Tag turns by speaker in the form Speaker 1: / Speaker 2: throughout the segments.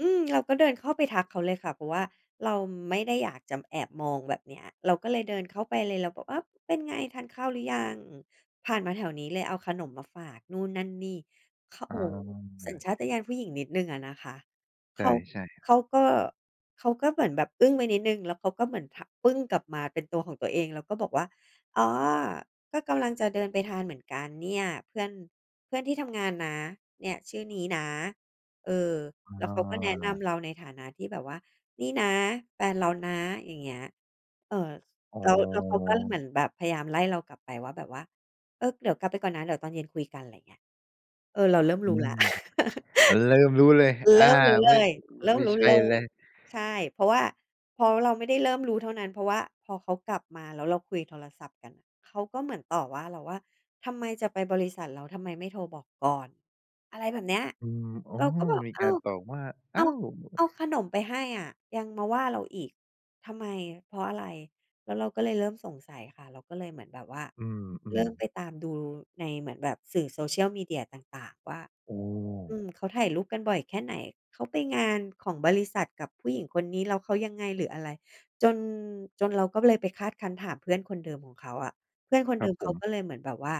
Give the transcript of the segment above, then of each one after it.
Speaker 1: อือ เราก็เดินเข้าไปทักเขาเลยค่ะ เพราะว่าเราไม่ได้อยากจะแอบมองแบบเนี้ย เราก็เลยเดินเข้าไปเลย เราก็ "อ้าว เป็นไง ทานข้าวหรือยัง? ผ่านมาแถวนี้เลยเอาขนมมาฝาก" นู่นนั่นนี่ ข โอ
Speaker 2: อ
Speaker 1: ้โฮ สัญช
Speaker 2: า
Speaker 1: าตญาณผู้หญิงนิดหนึ่งอะนะคะ
Speaker 2: ใ
Speaker 1: เขา
Speaker 2: ช่ ๆ
Speaker 1: เขาก็ เขาก็เหมือนแบบอึ้งไปนิดหนึ่ง แล้วเขาก็เหมือน ผ ปึ้งกลับมาเป็นตัวของตัวเอง แล้วก็บอกว่า "อ๋อ ก็กำลังจะเดินไปทานเหมือนกันเนี่ย เพื่อน เพื่อนที่ทำงานนะ เนี่ยชื่อนี้นะ" เออ แล้วเขาก็แนะน
Speaker 2: อา
Speaker 1: ำเราในฐานะที่แบบว่า "นี่นะ แฟนเรานะ" อย่างเงี้ย เอ่อ
Speaker 2: อ๋
Speaker 1: แล้ว แล้วเขาก็เหม
Speaker 2: อ
Speaker 1: ือนแบบพยายามไล่เรากลับไปว่า แบบว่า "เออ เดี๋ยวกลับไปก่อนนะ เดี๋ยวตอนเย็นคุยกัน" อะไรอย่างเงี้ย เออ เราเริ่ม
Speaker 2: อ
Speaker 1: ร
Speaker 2: ื
Speaker 1: ู้แล
Speaker 2: ม
Speaker 1: ้ว
Speaker 2: อา เริ่มรู้เลย อ
Speaker 1: เ
Speaker 2: า
Speaker 1: ริ่มรู้เ
Speaker 2: ไม
Speaker 1: ล
Speaker 2: ่
Speaker 1: ย เริ่
Speaker 2: ไม
Speaker 1: ม
Speaker 2: ่
Speaker 1: รู้
Speaker 2: ใช่
Speaker 1: เล
Speaker 2: เล
Speaker 1: ย
Speaker 2: ย
Speaker 1: ใช่ เพราะว่า เพราะเราไม่ได้เริ่มรู้เท่านั้น เพราะว่าพอเขากลับมาแล้วเราคุยโทรศัพท์กัน เขาก็เหมือนต่อว่าเราว่า "ทำไม? จะไปบริษัทเรา ทำไมไม่โทรบอกก่อน?" อะไรแบบเนี้ย
Speaker 2: อืม อ๋อ
Speaker 1: เราก็บอก
Speaker 2: มี
Speaker 1: "อ
Speaker 2: ก
Speaker 1: ้
Speaker 2: า
Speaker 1: า
Speaker 2: ร
Speaker 1: ว
Speaker 2: ตอบว่า
Speaker 1: เ
Speaker 2: อ้
Speaker 1: อ
Speaker 2: า
Speaker 1: า
Speaker 2: ว!
Speaker 1: เอาขนมไปให้อะ ยังมาว่าเราอีก ทำไม เพราะอะไร?" แล้วเราก็เลยเริ่มสงสัยค่ะ เราก็เลยเหมือนแบบว่า
Speaker 2: อื
Speaker 1: เร
Speaker 2: อ
Speaker 1: ิ่มไป
Speaker 2: ๆ
Speaker 1: ตามดูใน เหมือนแบบสื่อ Social Media ต่าง ๆ ว่า
Speaker 2: โอ้
Speaker 1: อืม เขาถ่ายรูปกันบ่อยแค่ไหน? เขาไปงานของบริษัทกับผู้หญิงคนนี้แล้วเขายังไง หรืออะไร? จน จนเราก็เลยไปคาดคั้นถามเพื่อนคนเดิมของเขาอะ เพื่อนคน
Speaker 2: ค
Speaker 1: เ
Speaker 2: ร
Speaker 1: ด
Speaker 2: ั
Speaker 1: ิ
Speaker 2: บ
Speaker 1: ม
Speaker 2: ผ
Speaker 1: เขาก
Speaker 2: ม
Speaker 1: ็เลยเหมือนแบบว่า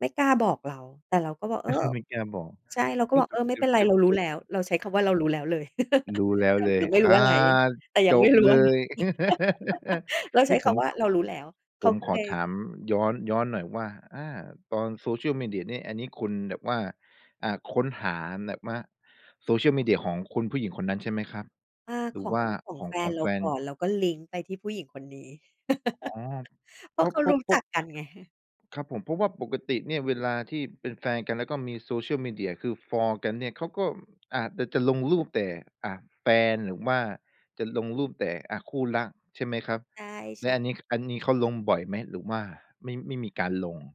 Speaker 1: ไม่กล้าบอกเรา แต่เราก็บอก "เออ"
Speaker 2: ไม่กล้าบอก
Speaker 1: ใช่ เราก
Speaker 2: เ
Speaker 1: ็
Speaker 2: ฮ้
Speaker 1: บ
Speaker 2: ย
Speaker 1: อก "เออ ไม่เป็นไร
Speaker 2: จ
Speaker 1: เ
Speaker 2: บ
Speaker 1: รารู้แล้ว" เราใช้คำว่า เรารู้แล้วเลย
Speaker 2: ๆ ๆ ๆ รู้แล้วเล
Speaker 1: หร
Speaker 2: ย
Speaker 1: ือไม่ร
Speaker 2: อ
Speaker 1: ู้
Speaker 2: ่า
Speaker 1: ว่าไง แต่ยั
Speaker 2: จ
Speaker 1: งไม่
Speaker 2: บ
Speaker 1: รู้
Speaker 2: เ
Speaker 1: ว
Speaker 2: ล
Speaker 1: ่า ง
Speaker 2: ย
Speaker 1: แล้วใ
Speaker 2: น
Speaker 1: ช
Speaker 2: ี
Speaker 1: ้
Speaker 2: ่ผ
Speaker 1: ค
Speaker 2: ม
Speaker 1: ำว่า
Speaker 2: ค
Speaker 1: "เรารู้แล้ว" เข
Speaker 2: ผ
Speaker 1: า
Speaker 2: ม
Speaker 1: ก็
Speaker 2: ข
Speaker 1: เ
Speaker 2: อ
Speaker 1: ลย
Speaker 2: ถามย้อน ย้อนหน่อยว่า อา ตอน Social Media นี่ อันนี้คุณแบบว่า อ่า ค้นหาแหนบว่า Social Media ของคุณผู้หญิงคนนั้นใช่ไหมครับ?
Speaker 1: อา
Speaker 2: หร
Speaker 1: ข
Speaker 2: ือ
Speaker 1: อ
Speaker 2: ว
Speaker 1: ง
Speaker 2: ่า
Speaker 1: ของ
Speaker 2: ขอ
Speaker 1: แ
Speaker 2: ง
Speaker 1: ฟ
Speaker 2: ข
Speaker 1: น
Speaker 2: อง
Speaker 1: เร
Speaker 2: แ
Speaker 1: า
Speaker 2: ฟน?
Speaker 1: ก่อน เราก็ลิงก์ไปที่ผู้หญิงคนนี้
Speaker 2: อ้อ
Speaker 1: เพ
Speaker 2: เ
Speaker 1: ร
Speaker 2: พ
Speaker 1: า
Speaker 2: ร
Speaker 1: ะ
Speaker 2: า
Speaker 1: เ
Speaker 2: ะ
Speaker 1: ขา
Speaker 2: เพร
Speaker 1: ร
Speaker 2: า
Speaker 1: ู
Speaker 2: ะ
Speaker 1: ้
Speaker 2: เพร
Speaker 1: จ
Speaker 2: า
Speaker 1: ั
Speaker 2: ะ
Speaker 1: กกันไง ฮึ
Speaker 2: ครับผม เพราะว่าปกติเนี่ย เวลาที่เป็นแฟนกัน แล้วก็มี Social Media คือฟอลกันเนี่ย เขาก็อาจน่ะจะลงรูปแต่ อ่า แฟน หรือว่าจะลงรูปแต่ อะ คู่รัก ใช่ไหมครับ
Speaker 1: ใช
Speaker 2: แล้ว
Speaker 1: ่
Speaker 2: อั
Speaker 1: ๆ
Speaker 2: นนี้ ข อันนี้เขาลงบ่อยไหม หรือว่าไม่ ไม่มีการลง?